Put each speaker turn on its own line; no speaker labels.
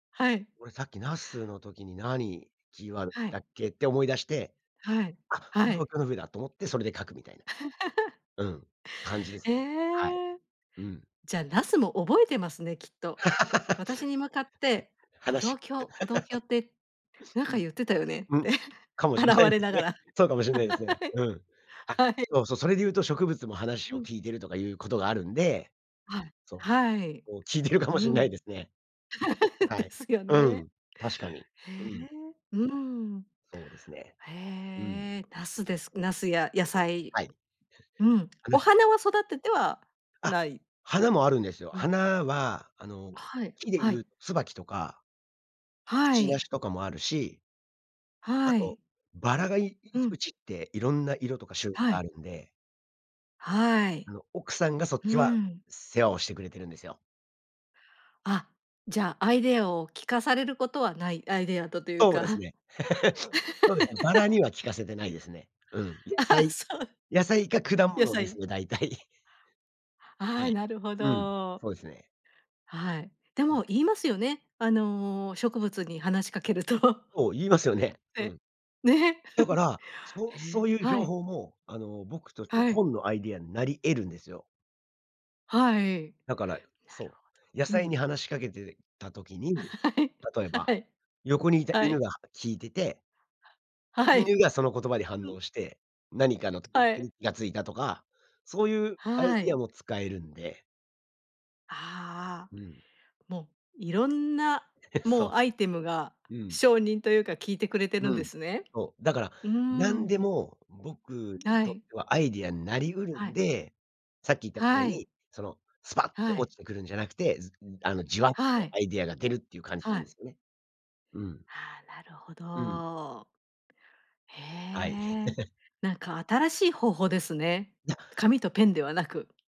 はい。
俺さっき、茄子の時に「何キーワード
は
だ
い。
っけ」って思い出して
はい、
「あ、歩
は
道
い。
橋の上だ」と思って、それで書くみたいな。うん、感じです
え
ね。はい、
え。
うん。
じゃあ、茄子も覚えてますね、きっと。私に向かって 「歩道
話
橋歩道橋」ってなん
う
か
ん。
言ってたよね
う
っ
ん、
て、
かもしん
洗
な
わ
い
れ
です
なが
ね。
ら。
そうかもしんないですね。うん。あ、
はい。
そう、そ、それで言うと、植物も話
う
を
ん。
聞いているとか言う事があるんで
はい、
そう、
はい。
こう聞いているかも
う
しんないで
ん。
すね。は
で
い。
すよ
う
ね。
ん、確かに。
へ
うん。
え、うん。
そうですね。うん。
へえ、茄子です茄子や野菜。
はい。
うん、
う
お
ん。
花は育てては
あ、
ない。
花もあるんですよ。
うん。
花はあの、
はい、
木で
は
言う、
い。
椿とかく
は
ちな
い。
しとかもあるしあ
は
と
い。
薔薇がいい
うん。
家って、色んな色とか種類
は
があ
い。
るんで
は
あ
い。
の、奥さんがそっ
う
ちは
ーん。
世話をしてくれてるんですよ。
あ、じゃあ、アイデアを聞かされることはない、アイデアとと言う
そう
か。
ですね。そうですね、薔薇には 聞かせてないですね。うん。野
あ、
菜
そう。
野菜か、果
野
物です
菜。
ね大体。
あ
は
あ、
い。
なるほ
うん、
ど。
そうですね。
はい、で
う
も
ん。
言いますよね。あの、植物に話しかけると、
お、言いますよね。
え
う
え、
ん。
ね。
だか ら、そう
へ
そう
え、
言う情
はい。
報も、あの、僕としては、
はい。
本のアイディアになり得るんですよ。
はい、
だから、う
なる
そ
ほ
う。野
ど。う
菜
ん。
に話し掛けてた時 に、
はい、
例え
は
ば
い。
横にいた
は
犬
い。
が聞いてて
はい。
犬が、その言葉に反
うん。
応して、何かのとっ
は
く
い。
に気が付いたとか、そういうアイ
は
ディア
い。
も使えるんで。
ああ、
うん。
もう色んな、もう
そ
アイテムが
う。うん。
証人と言うか、聞いてくれてるん
う
で
ん、
すね。
そう。だから
うー
何で
ん。
も、僕に
は
とっ
い。
てはアイディアになり得る
は
ん
い。
で、さっき言ったみたい
はい。
に、そのスパッ
は
と
い。
落ちてくるんじゃなくて、ずあのじわっ
は
と
い。
アイディアが出るっていう感じ
は
なんで
い。
すよね。うん。
ああ、なるほ
うん。
ど。へ
はい。
え、なんか新しい方法ですね。
なっ
紙とペンではなく。